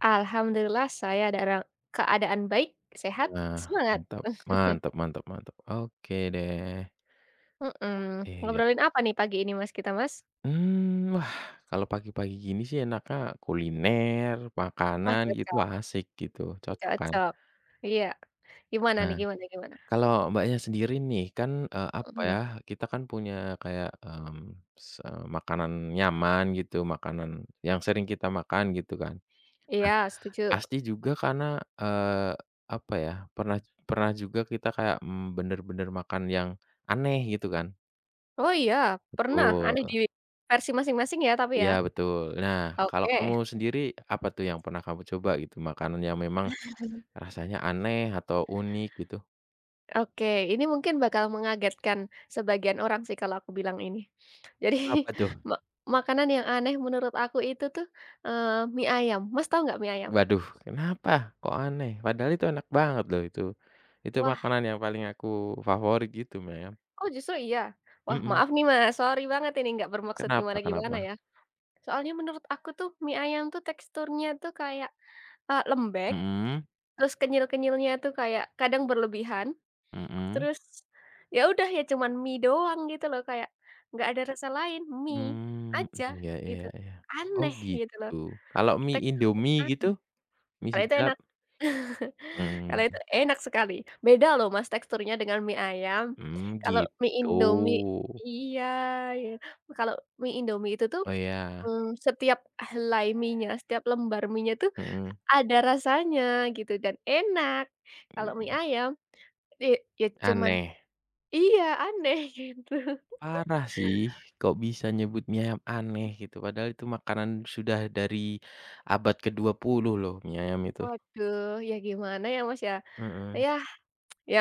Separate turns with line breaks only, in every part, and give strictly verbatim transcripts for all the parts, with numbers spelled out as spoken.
Alhamdulillah saya dalam keadaan baik, sehat,
Nah,
semangat!
mantap, mantap mantap mantap oke deh.
Heeh,
Eh iya.
ngobrolin apa nih pagi ini Mas kita, Mas?
Hmm, kalau pagi-pagi gini sih enaknya kuliner,
Wah
makanan gitu
cocok.
asik gitu, cocok kan?
Cocok. Iya. Gimana nih?
Heeh.
Gimana gimana?
Kalau mbaknya sendiri nih kan, eee, apa
Mhm.
ya kita kan punya kayak, hmm se makanan nyaman gitu makanan yang sering kita makan gitu kan.
Iya setuju.
Ah, pasti juga karena, eee, apa ya pernah pernah juga kita kayak, mmm, bener-bener makan yang aneh gitu kan.
Oh iya pernah? Aneh
Betul.
di versi masing-masing ya tapi
Iya
ya.
betul. Nah kalau
Oke.
kamu sendiri, apa tuh yang pernah kamu coba gitu makanan yang memang rasanya aneh atau unik gitu?
Oke, ini mungkin bakal mengagetkan sebagian orang sih kalau aku bilang ini. Jadi
Apa tuh?
mak makanan yang aneh menurut aku itu tuh, eee, mie ayam. Mas tahu gak mie ayam?
Waduh! Kenapa, kok aneh padahal itu enak banget loh itu. Itu
Wah.
makanan yang paling aku favorit gitu mem.
Oh justru iya? Wah
Mhm.
maaf nih Mas, sorry banget ini nggak bermaksud
Kenapa
gimana-gimana
kenapa?
ya. Soalnya menurut aku tuh mie ayam tuh teksturnya tuh kayak, eee, lembek,
Mhm.
terus kenyal-kenyalnya tuh kayak kadang berlebihan,
Mhm.
terus, ya udah, ya cuman mie doang gitu loh kayak nggak ada rasa lain, mie
Hmm,
aja
iya iya
gitu,
iya. Oh
aneh gitu loh,
gitu. Kalau mie
teksturnya
idomie gitu?
aneh.
Mie
Kalau itu
sedap.
enak.
Hmm.
Kalau itu enak sekali, beda loh Mas teksturnya dengan mie ayam,
Hmm
kalau mie
gitu.
Indomie iya kalau mie Indomie itu tuh,
Oh iya.
hmm, setiap helai mienya setiap lembar mienya tuh
Mhm.
ada rasanya gitu, dan enak. Kalau mie
[unintelligible]
ayam i ya cuman
Aneh.
iya aneh gitu.
Parah sih. Kok bisa nyebut mie ayam aneh gitu, padahal itu makanan sudah dari abad kedua puluh loh mie ayam itu.
Waduh, ya gimana ya Mas ya,
Mhm.
yah ya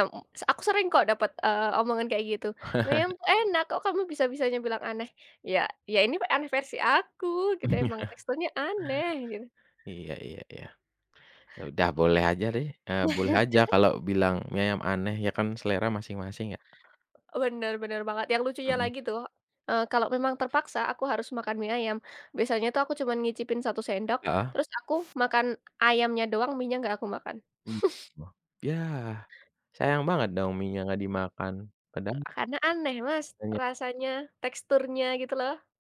aku sering kok dapat, eee, omongan kayak gitu, mem enak, kok kamu bisa-bisanya bilang aneh. Iya iya ini aneh versi aku, gitu, emang
Iya.
teksturnya aneh gitu.
Iya iya iya. Udah boleh aja deh, eee, boleh aja kalau bilang mie ayam aneh, ya kan selera masing-masing ya?
Bener bener banget yang lucunya
Mhm.
lagi tuh, eee, kalau memang terpaksa aku harus makan mie ayam. Biasanya tuh aku cuman nyicipin satu sendok,
Heeh.
terus aku makan ayamnya doang, mienya nggak aku makan.
[unintelligible] .Yah sayang banget dong mienya nggak dimakan, kadang
Karena aneh Mas,
Tanya.
rasanya, teksturnya gitu loh.